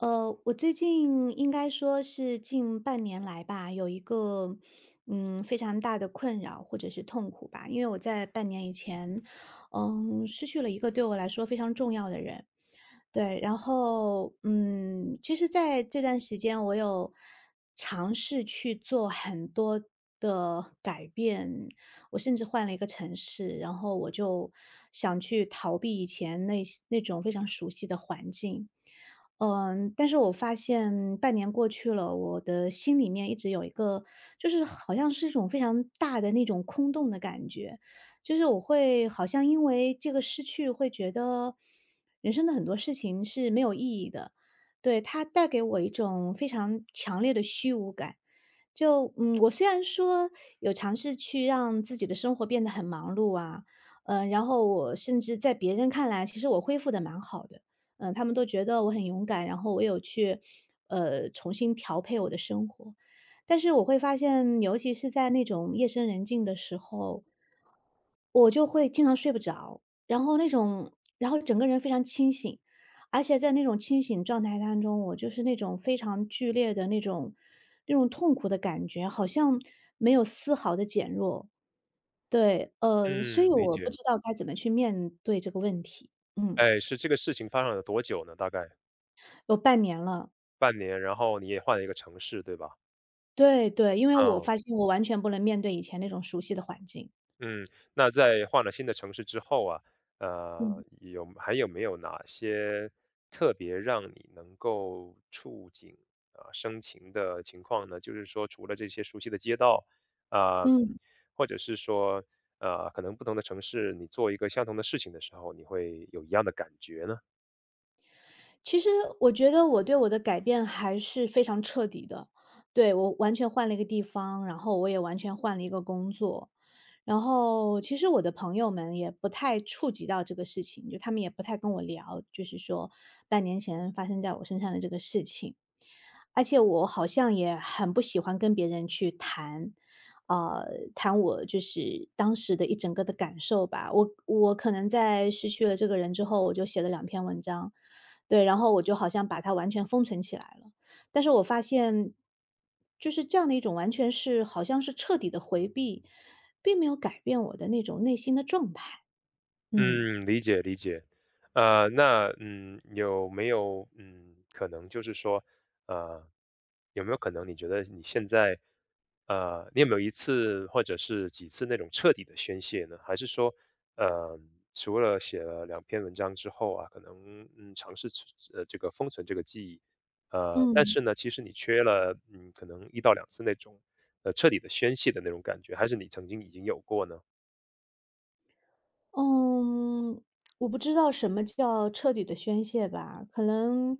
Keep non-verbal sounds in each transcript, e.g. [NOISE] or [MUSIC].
呃，我最近应该说是近半年来吧，有一个，嗯，非常大的困扰或者是痛苦吧，因为我在半年以前，嗯，失去了一个对我来说非常重要的人。对，然后，嗯，其实在这段时间我有尝试去做很多的改变，我甚至换了一个城市，然后我就想去逃避以前那些那种非常熟悉的环境。呃嗯，但是我发现半年过去了，我的心里面一直有一个就是好像是一种非常大的那种空洞的感觉，就是我会好像因为这个失去会觉得人生的很多事情是没有意义的。对，它带给我一种非常强烈的虚无感。就，嗯，[TSK] 我虽然说有尝试去让自己的生活变得很忙碌啊，呃，然后我甚至在别人看来，其实我恢复得蛮好的，呃，他们都觉得我很勇敢，然后我有去，呃，重新调配我的生活，但是我会发现，尤其是在那种夜深人静的时候我就会经常睡不着，然后那种然后整个人非常清醒。而且在那种清醒状态当中，我就是那种非常剧烈的那种那种痛苦的感觉，好像没有丝毫的减弱。对，呃，所以嗯，理我不解。知道该怎么去面对这个问题，嗯。诶，是这个事情发生了多久呢，大概？有半年了。半年，然后你也换了一个城市对吧？对对，因为我嗯。发现我完全不能面对以前那种熟悉的环境。嗯，那在换了新的城市之后啊，呃，嗯。有还有没有哪些特别让你能够触景，呃，生情的情况呢？就是说除了这些熟悉的街道，呃，嗯。或者是说，呃，可能不同的城市你做一个相同的事情的时候，你会有一样的感觉呢？其实我觉得我对我的改变还是非常彻底的，对，我完全换了一个地方，然后我也完全换了一个工作。然后其实我的朋友们也不太触及到这个事情，就他们也不太跟我聊，就是说半年前发生在我身上的这个事情，而且我好像也很不喜欢跟别人去谈，呃，谈我就是当时的一整个的感受吧，我我可能在失去了这个人之后，我就写了两篇文章，对，然后我就好像把它完全封存起来了，但是我发现，就是这样的一种完全是好像是彻底的回避，并没有改变我的那种内心的状态。嗯。嗯，理解理解，呃，那，嗯，有没有，嗯，可能就是说呃，有没有可能你觉得你现在呃，你有没有一次或者是几次那种彻底的宣泄呢？还是说，呃，除了写了2篇文章之后啊，可能，嗯，尝试这个封存这个记忆，呃，但嗯。是呢其实你缺了，嗯，可能1-2次那种彻底，呃，的宣泄的那种感觉还是你曾经已经有过呢？嗯，我不知道什么叫彻底地宣泄吧，可能。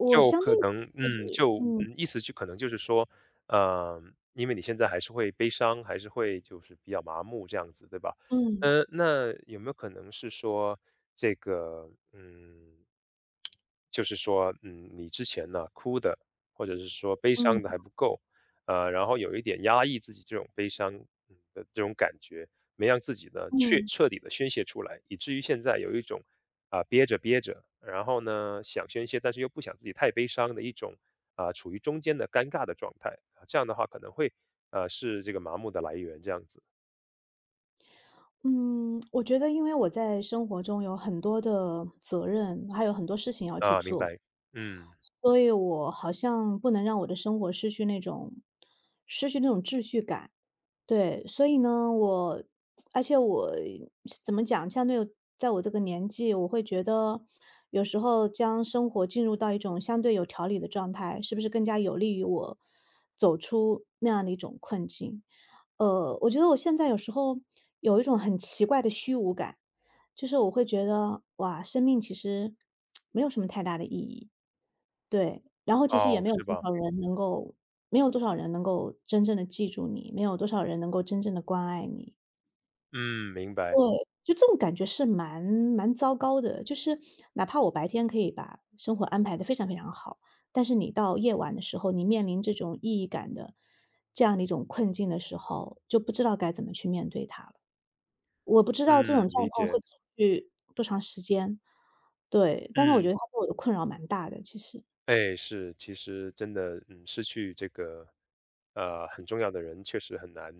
我就相对可的能，嗯，是就，嗯。嗯，意思就可能就是说，呃，因为你现在还是会悲伤，还是会就是比较麻木这样子，对吧？嗯。呃，那有没有可能是说这个嗯，[TSK] 就是说，嗯，你之前呢，哭的或者是说悲嗯。伤的还不够。呃，然后有一点压抑自己这种悲伤，嗯，的这种感觉，没让自己呢，确嗯。彻底地宣泄出来，以至于现在有一种啊，憋着憋着，然后呢，想宣泄，但是又不想自己太悲伤的一种，呃，处于中间的尴尬的状态。这样的话可能会，呃，是这个麻木的来源，这样子。嗯，[TSK] 我觉得因为我在生活中有很多的责任，还有很多事情要去啊，明做。白，嗯。所以我好像不能让我的生活失去那种失去那种秩序感。对，所以呢，我而且我怎么讲，相对在我这个年纪，我会觉得，有时候将生活进入到一种相对有条理的状态，是不是更加有利于我，走出那样的一种困境。呃，我觉得我现在有时候有一种很奇怪的虚无感，就是我会觉得，哇，生命其实 [TSK] 没有什么太大的意义。对，然后其实也哦，没有是多吧。少人能够没有多少人能够真正地记住你，没有多少人能够真正地关爱你。嗯，明对，白。就这种感觉是蛮蛮糟糕的，就是哪怕我白天可以把生活安排得非常非常好，但是你到夜晚的时候，你面临这种意义感的这样的一种困境的时候，就不知道该怎么去面对它了。我不知道这嗯，种状理态解。会持续多长时间。对，但是我觉嗯。得它对我的困扰蛮大的，其实。诶，是，其实真的，嗯，失去这个，呃，很重要的人确实很难。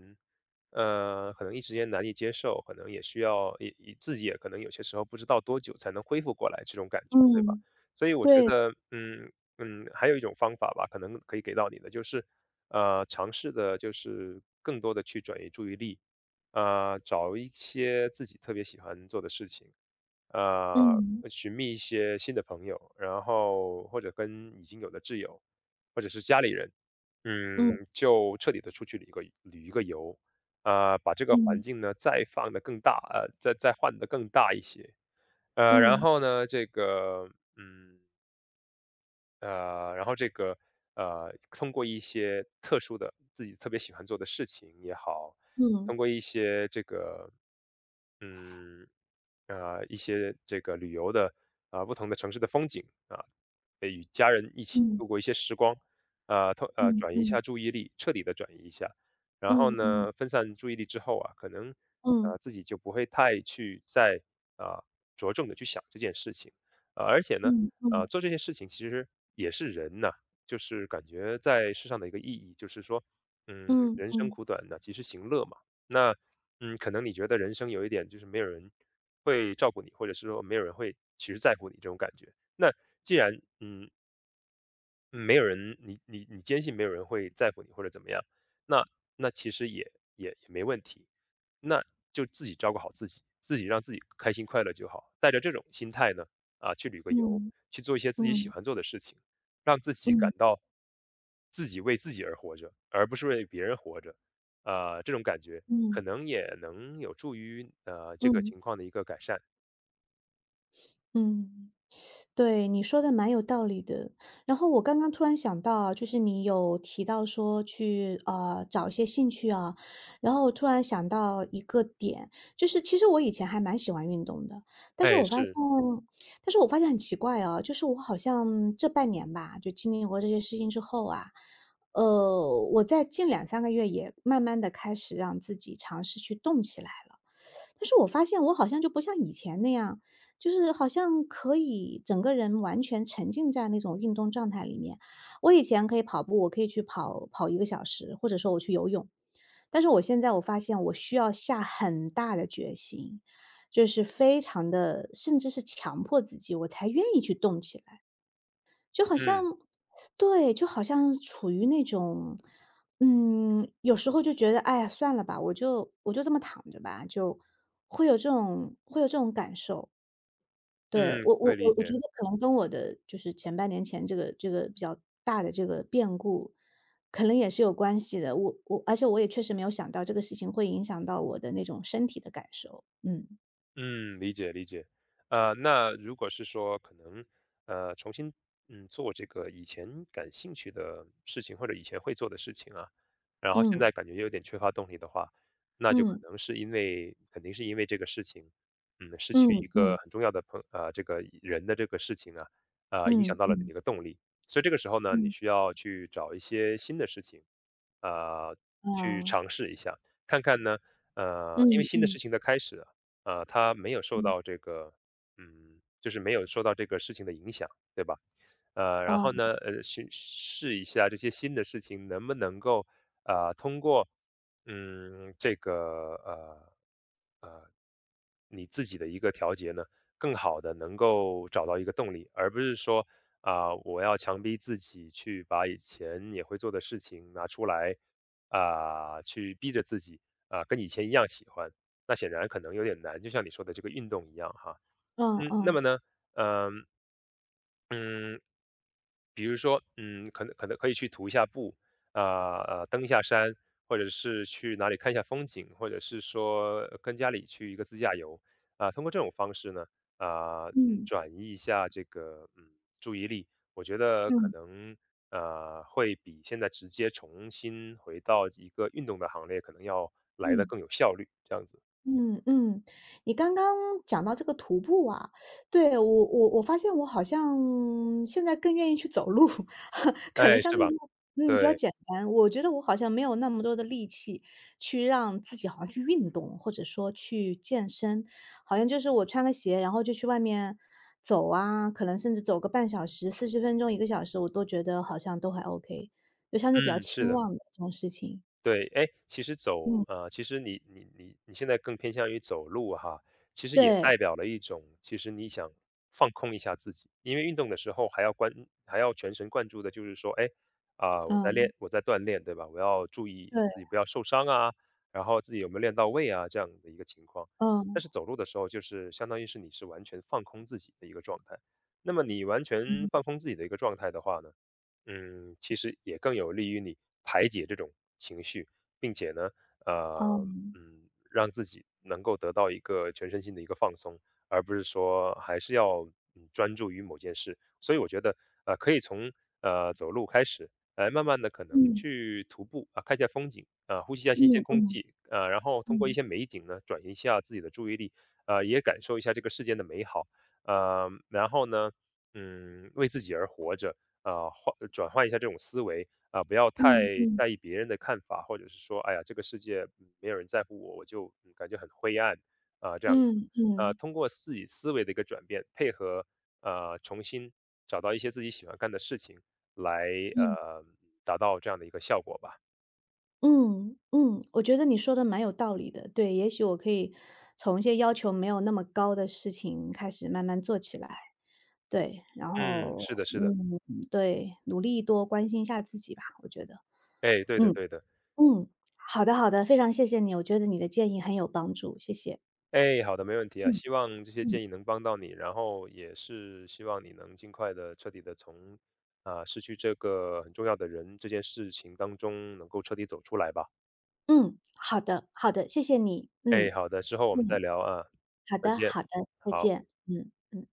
呃，可能一时间难以接受，可能也需要一一自己也可能有些时候不知道多久才能恢复过来这种感觉，对吧？嗯，所以我觉对。得，嗯嗯，还有一种方法吧，可能可以给到你的就是，呃，尝试地就是更多地去转移注意力，呃，找一些自己特别喜欢做的事情。呃，嗯。寻觅一些新的朋友，然后或者跟已经有的挚友，或者是家里人，嗯。嗯，就彻底地出去旅个旅一个游。呃，把这个环嗯。境呢再放得更大呃，再再换得更大一些，呃，然嗯。后呢，这个，嗯呃，然后这个，呃，通过一些特殊的，自己特别喜欢做的事情也好，通嗯。过一些这个嗯，啊，一些这个旅游的，呃，不同的城市的风景啊，可以与家人一起嗯。度过一些时光。呃，通呃，嗯转移一下嗯。注意力，彻底地转移一下。然后嗯嗯。呢分散注意力之后啊，可能，呃，嗯。自己就不会太去再，呃，着重地去想这件事情。呃，而且呢，嗯呃，嗯。做这些事情其实也是人呐，就是感觉在世上的一个意义，就是说，嗯，嗯人生嗯。苦短，那及时行乐嘛。那，嗯，可能你觉得人生有一点就是没有人会照顾你，或者是说没有人会其实在乎你这种感觉，那既然嗯。嗯，没有人你你你坚信没有人会在乎你或者怎么样，那那其实也也也没问题，那就自己照顾好自己，自己让自己开心快乐就好。带着这种心态呢，啊，去旅个游，嗯，去做一些自己喜嗯。欢做的事情，让自己嗯。感到，自己为自己而活着，而不是为别人活着。呃，这种感觉可嗯。能也能有助于，呃，这个嗯。情况的一个改善。嗯，[SUCKS TEETH] 对，你说得蛮有道理的。然后我刚刚突然想到哦，就是你有提到说去，呃，找一些兴趣啊。然后突然想到一个点，就是其实我以前还蛮喜欢运动的，但是哎，我发现是。但是我发现很奇怪啊，就是我好像这半年吧，就经历过这些事情之后啊，呃，我在近2-3个月也慢慢地开始让自己尝试去动起来了。但是我发现我好像就不像以前那样，就是好像可以整个人完全沉浸在那种运动状态里面。我以前可以跑步，我可以去跑跑1个小时，或者说我去游泳，但是我现在我发现我需要下很大的决心，就是非常地，甚至是强迫自己，我才愿意去动起来。就好像嗯。对，就好像处于那种嗯，有时候就觉得，哎呀，算了吧，我就我就这么躺着吧，就会有这种会有这种感受。对，嗯，我我可以理我我觉解。得可能跟我的就是前半年前这个这个比较大的这个变故，可能也是有关系的，我我而且我也确实没有想到这个事情会影响到我的那种身体的感受，嗯。嗯，理解理解，呃，那如果是说可能，呃，重新，嗯，做这个以前感兴趣的事情或者以前会做的事情啊，然后现嗯。在感觉有点缺乏动力的话，那就可嗯。能是因为肯定是因为这个事情，嗯，失去嗯一个嗯。很重要的朋呃，这个人的这个事情啊，呃，影响嗯到了嗯。你的动力。所以这个时候呢你嗯。需要去找一些新的事情。呃，去呃。尝试一下，看看呢呃，嗯因为新的事嗯。情的开始，呃，它没有受嗯。到这个，嗯，就是没有受到这个事情的影响，对吧？呃，然后呃。呢，呃，试试一下这些新的事情能不能够，呃，通过，嗯，这个，呃呃，你自己的一个调节呢，更好地能够找到一个动力，而不是说，啊，我要强逼自己去把以前也会做的事情拿出来，啊，去逼着自己，啊，跟以前一样喜欢。那显然可能有点难，就像你说的这个运动一样哈，呃嗯，那呃。么呢，呃，嗯，比如说，嗯，可能可能可以去徒一下步，啊啊，登一下山或者是去哪里看一下风景，或者是说跟家里去一个自驾游。啊，通过这种方式呢，呃，嗯，嗯。转移一下这个，嗯，注意力，我觉得可嗯。能，呃，会比现在直接重新回到一个运动的行列可能要来得嗯。更有效率，这样子。嗯嗯，你刚刚讲到这个徒步啊，对，我我我发现我好像现在更愿意去走路，[LAUGHS] 可能诶，相是对吧，嗯，比较对。简单，我觉得我好像没有那么多的力气去让自己好像去运动，或者说去健身。好像就是我穿了鞋，然后就去外面走啊，可能甚至走个半小时、40分钟、1个小时我都觉得好像都还 okay，就相对比较嗯，是轻的。量的这种事情。对，诶，其实走嗯。呃，其实你你你现在更偏向于走路哈，其实也对。代表了一种其实你想放空一下自己，因为运动的时候还要关还要全神贯注的就是说，诶，呃，我在嗯。练我在锻炼，对吧，我要注意对。自己不要受伤啊，然后自己有没有练到位啊，这样的一个情况。但嗯。是走路的时候就是相当于是你是完全放空自己的一个状态，那么你完全嗯。放空自己的一个状态的话呢，嗯，其实也更有利于你排解这种情绪，并且呢，呃，嗯。嗯，让自己能够得到一个全身心的一个放松，而不是说还是要，嗯，专注于某件事，所以我觉得，呃，可以从，呃，走路开始，来慢慢地可能嗯。去徒步，啊，看一下风景，呃，呼吸一下新鲜嗯空嗯。气，呃，然后通过一嗯。些美景呢，转移一下自己的注意力。呃，也感受一下这个世界的美好，呃，然后呢，嗯，为自己而活着，呃，换转换一下这种思维，啊，不要太嗯嗯。在意别人的看法，或者是说，“哎呀，这个世界没有人在乎我，我就，嗯，感觉很灰暗“，呃，这样子，嗯呃，嗯。通过自己思维的一个转变，配合，呃，重新找到一些自己喜欢干的事情，来，嗯。呃，达到这样的一个效果吧。嗯，嗯，我觉得你说得蛮有道理的，对，也许我可以从一些要求没有那么高的事情开始慢慢做起来。对，然嗯，后，是的是的。嗯，对，努力多关心一下自己吧，我觉得。诶，对的嗯，对的。嗯，好的好的，非常谢谢你，我觉得你的建议很有帮助，谢谢。诶，好的，没问题啊，嗯。希望这些嗯。建议能帮到你，然后也是希望你能尽快地、彻底地从，呃，失去这个很重要的人这件事情当中能够彻底走出来吧。嗯，好的，好的，谢谢你，诶，嗯，好的，之后我们再嗯。聊啊，好再的见，好的，再好。见，嗯，嗯。